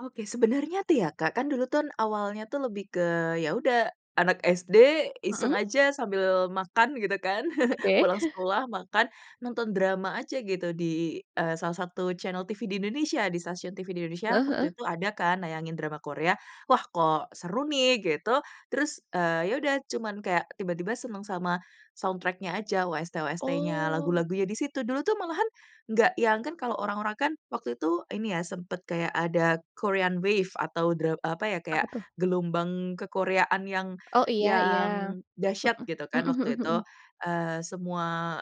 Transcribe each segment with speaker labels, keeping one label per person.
Speaker 1: Oke. Sebenarnya tuh ya Kak, kan dulu tuh awalnya tuh lebih ke ya udah, anak SD
Speaker 2: Hmm.
Speaker 1: iseng aja sambil makan gitu kan.
Speaker 2: Oke.
Speaker 1: Pulang sekolah, makan, nonton drama aja gitu di, eee, salah satu channel TV di Indonesia. Di stasiun TV di Indonesia
Speaker 2: Heeh heeh.
Speaker 1: waktu itu ada kan nayangin drama Korea, wah kok seru nih, gitu. Terus, eee, ya udah cuman kayak tiba-tiba seneng sama soundtrack-nya aja, OST-OST-nya
Speaker 2: Oh.
Speaker 1: lagu-lagunya di situ, dulu tuh malahan nggak yang, kan kalau orang-orang kan waktu itu ini ya sempet kayak ada Korean wave atau dra apa ya, kayak
Speaker 2: Apa tuh?
Speaker 1: gelombang ke-Korea-an yang
Speaker 2: Oh, iya iya.
Speaker 1: yang dahsyat gitu
Speaker 2: Heeh,
Speaker 1: kan,
Speaker 2: hmm hmm
Speaker 1: waktu itu.
Speaker 2: hmm.
Speaker 1: Eee, semua,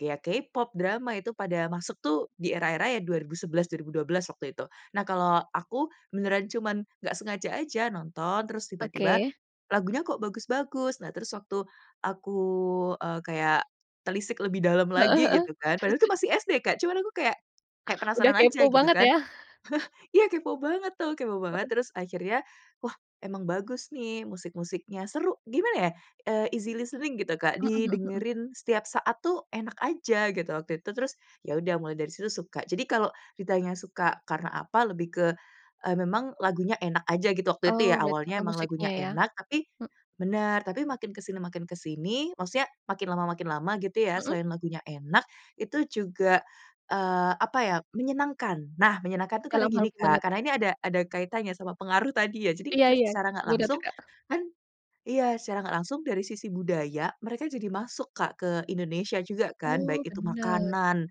Speaker 1: ya K-Pop, drama, itu pada masuk tuh di era-era ya 2011, 2012 waktu itu. Nah, kalau aku beneran cuman nggak sengaja aja nonton, terus tiba-tiba
Speaker 2: Oke.
Speaker 1: lagunya kok bagus-bagus. Nah terus waktu aku, eee, kayak telisik lebih dalam
Speaker 2: Heeh
Speaker 1: lagi
Speaker 2: heeh.
Speaker 1: gitu kan, padahal itu
Speaker 2: [unintelligible]
Speaker 1: masih SD Kak, cuman aku kayak kayak
Speaker 2: Udah
Speaker 1: penasaran
Speaker 2: kepo
Speaker 1: aja gitu
Speaker 2: banget
Speaker 1: kan.
Speaker 2: ya?
Speaker 1: Iya kepo banget tuh, kepo banget.
Speaker 2: Heeh.
Speaker 1: Terus akhirnya, wah emang bagus nih musik-musiknya, seru, gimana ya, eee, easy listening gitu, Kak.
Speaker 2: Hmm hmm hmm.
Speaker 1: Didengerin setiap saat tuh enak aja, gitu waktu itu. Terus, ya udah mulai dari situ suka. Jadi kalau ditanya suka karena apa, lebih ke, eee, memang lagunya enak aja gitu waktu
Speaker 2: Oh,
Speaker 1: itu ya,
Speaker 2: berarti
Speaker 1: awalnya
Speaker 2: karena
Speaker 1: emang
Speaker 2: musiknya
Speaker 1: lagunya
Speaker 2: ya?
Speaker 1: enak, tapi bener, tapi makin ke sini makin ke sini, maksudnya makin lama makin lama gitu ya,
Speaker 2: Hmm.
Speaker 1: selain lagunya enak itu juga, eee, apa ya, menyenangkan. Nah, menyenangkan tuh karena
Speaker 2: Dalam hal
Speaker 1: gini
Speaker 2: gimana
Speaker 1: Kak,
Speaker 2: tuh?
Speaker 1: karena ini ada ada kaitanya sama pengaruh tadi ya. Jadi,
Speaker 2: Iya
Speaker 1: ke
Speaker 2: iya,
Speaker 1: secara nggak
Speaker 2: buat apa
Speaker 1: langsung
Speaker 2: Kak?
Speaker 1: kan iya, secara nggak langsung dari sisi budaya, mereka jadi masuk Kak ke Indonesia juga kan, baik
Speaker 2: Oh,
Speaker 1: itu
Speaker 2: benar.
Speaker 1: makanan,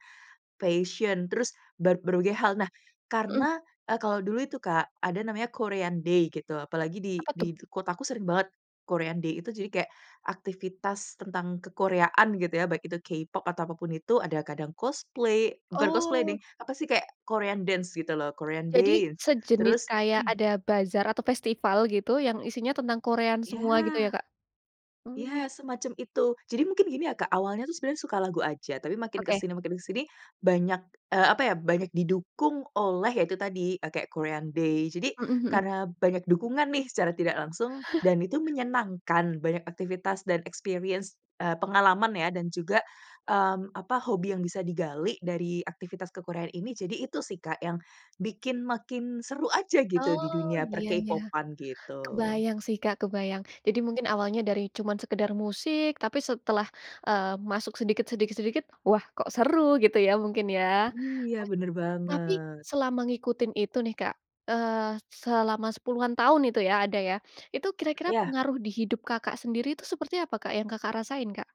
Speaker 1: fashion, terus ber berbagai hal. Nah,
Speaker 2: Hmm.
Speaker 1: karena, eee, kalau dulu itu Kak ada namanya Korean day gitu, apalagi di
Speaker 2: Apa tuh?
Speaker 1: di kotaku sering banget Korean day itu, jadi kayak, aktivitas tentang ke-Korea-an gitu ya baik itu K-pop atau apa pun itu, ada kadang cosplay bukan cosplay deng,
Speaker 2: Oh.
Speaker 1: apa sih kayak, Korean dance gitu loh. Korean
Speaker 2: Jadi,
Speaker 1: dance.
Speaker 2: sejenis
Speaker 1: Terus
Speaker 2: kayak ada bazar atau festival gitu yang isinya tentang Korean
Speaker 1: Ya.
Speaker 2: semua gitu ya Kak?
Speaker 1: Ya, semacam itu. Jadi mungkin gini ya Kak awalnya tuh sebenernya suka lagu aja, tapi makin ke
Speaker 2: Oke.
Speaker 1: sini makin ke sini banyak, eee, apa ya, banyak didukung oleh ya itu tadi, kayak Korean Day. Jadi,
Speaker 2: Hmm hmm.
Speaker 1: karena banyak dukungan nih secara tidak langsung, dan itu menyenangkan banyak aktivitas dan experience, eee, pengalaman ya dan juga, mmm, apa, hobi yang bisa digali dari aktivitas ke-Korea-an ini. Jadi itu sih Kak, yang bikin makin seru aja gitu di
Speaker 2: Oh,
Speaker 1: dunia
Speaker 2: iya ya.
Speaker 1: per-K-pop-an, gitu.
Speaker 2: Kebayang sih Kak, kebayang. Jadi mungkin awalnya dari cuman sekedar musik, tapi setelah, eee, masuk sedikit sedikit sedikit wah, kok seru, gitu ya, mungkin ya.
Speaker 1: Iya, bener
Speaker 2: Tapi,
Speaker 1: banget.
Speaker 2: selama ngikutin itu nih Kak, eee, selama 10-an tahun itu ya, ada ya, itu kira-kira
Speaker 1: Iya.
Speaker 2: pengaruh di hidup Kakak sendiri itu seperti apa Kak yang Kakak rasain, Kak?